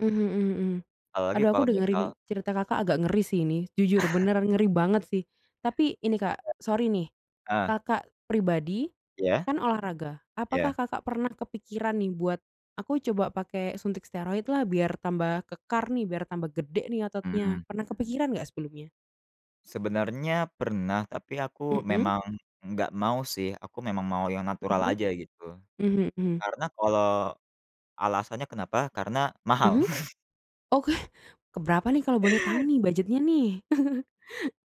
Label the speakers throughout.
Speaker 1: Mhm mhm mhm.
Speaker 2: Apalagi
Speaker 1: Aduh, aku
Speaker 2: kalau misal
Speaker 1: dengerin cerita Kakak agak ngeri sih ini, jujur, beneran ngeri banget sih. Tapi, ini, Kak, sorry nih,
Speaker 2: Ah!
Speaker 1: Kakak pribadi
Speaker 2: Iya?
Speaker 1: kan olahraga, apakah
Speaker 2: Iya.
Speaker 1: Kakak pernah kepikiran nih buat, "Aku coba pake suntik steroid lah, biar tambah kekar nih, biar tambah gede nih ototnya."
Speaker 2: Mmm.
Speaker 1: Pernah kepikiran nggak sebelumnya?
Speaker 2: Sebenarnya pernah, tapi aku
Speaker 1: Mhm.
Speaker 2: memang enggak mau sih, aku memang mau yang natural
Speaker 1: Mhm.
Speaker 2: aja gitu.
Speaker 1: Mhm mhm.
Speaker 2: Karena kalau alasannya kenapa, karena mahal.
Speaker 1: Mhm. Oke. ke berapa nih kalau boleh tahu nih budgetnya nih?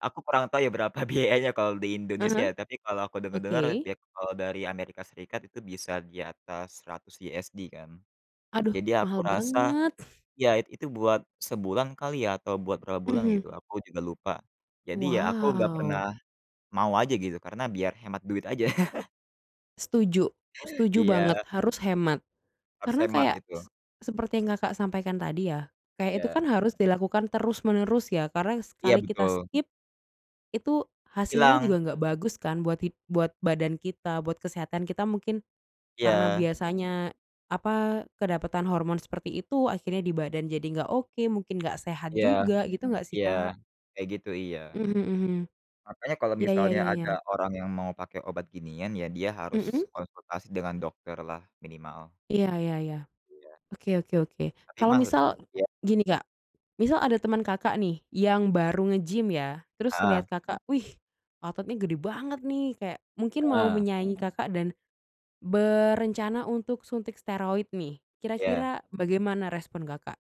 Speaker 2: Aku kurang tahu ya, berapa biayanya kalau di
Speaker 1: Ah
Speaker 2: Indonesia,
Speaker 1: hah.
Speaker 2: ya, tapi kalau aku dengar-dengar,
Speaker 1: Oke.
Speaker 2: di at kalau dari Amerika Serikat itu bisa di atas 100 USD, kan.
Speaker 1: Aduh,
Speaker 2: Jadi, aku
Speaker 1: mahal
Speaker 2: rasa,
Speaker 1: banget.
Speaker 2: ya, it itu buat sebulan kali ya, atau buat berapa bulan
Speaker 1: Mhm.
Speaker 2: gitu aku juga lupa. Jadi, ya, aku nggak pernah
Speaker 1: Wow.
Speaker 2: mau aja gitu, karena biar hemat duit aja.
Speaker 1: Setuju setuju banget,
Speaker 2: Iya.
Speaker 1: harus hemat.
Speaker 2: Harus
Speaker 1: Karena
Speaker 2: hemat
Speaker 1: kayak
Speaker 2: itu.
Speaker 1: se seperti yang Kakak sampaikan tadi ya, kayak itu kan
Speaker 2: Iya.
Speaker 1: harus dilakukan terus menerus, ya? Karena
Speaker 2: Iya,
Speaker 1: sekali kita
Speaker 2: betul.
Speaker 1: skip itu hasilnya juga
Speaker 2: Hilang.
Speaker 1: nggak bagus kan buat hid buat badan kita, buat kesehatan kita. Mungkin karena
Speaker 2: Iya.
Speaker 1: biasanya, apa, kedapatan hormon seperti itu akhirnya di badan jadi nggak oke, mungkin nggak sehat
Speaker 2: Iya.
Speaker 1: juga, gitu nggak sih,
Speaker 2: Iya,
Speaker 1: Kak?
Speaker 2: kayak gitu, iya.
Speaker 1: Mhm mhm.
Speaker 2: Makanya kalau
Speaker 1: Iya iya
Speaker 2: misalnya
Speaker 1: iya iya.
Speaker 2: ada orang yang mau pakai obat ginian, ya, dia harus
Speaker 1: Mhm?
Speaker 2: konsultasi dengan dokter lah minimal.
Speaker 1: Iya iya iya,
Speaker 2: Iya.
Speaker 1: oke oke oke.
Speaker 2: Tapi
Speaker 1: Kalau
Speaker 2: mahal?
Speaker 1: misal
Speaker 2: Iya.
Speaker 1: gini, Kak, misal ada temen Kakak nih yang baru nge-gym ya, terus
Speaker 2: Heeh.
Speaker 1: liat Kakak, "Wih, ototnya gede banget nih." Kayak mungkin mau
Speaker 2: Heeh.
Speaker 1: menyaingin Kakak, dan berencana untuk suntik steroid nih,
Speaker 2: Iya.
Speaker 1: kira-kira bagaimana respon Kakak?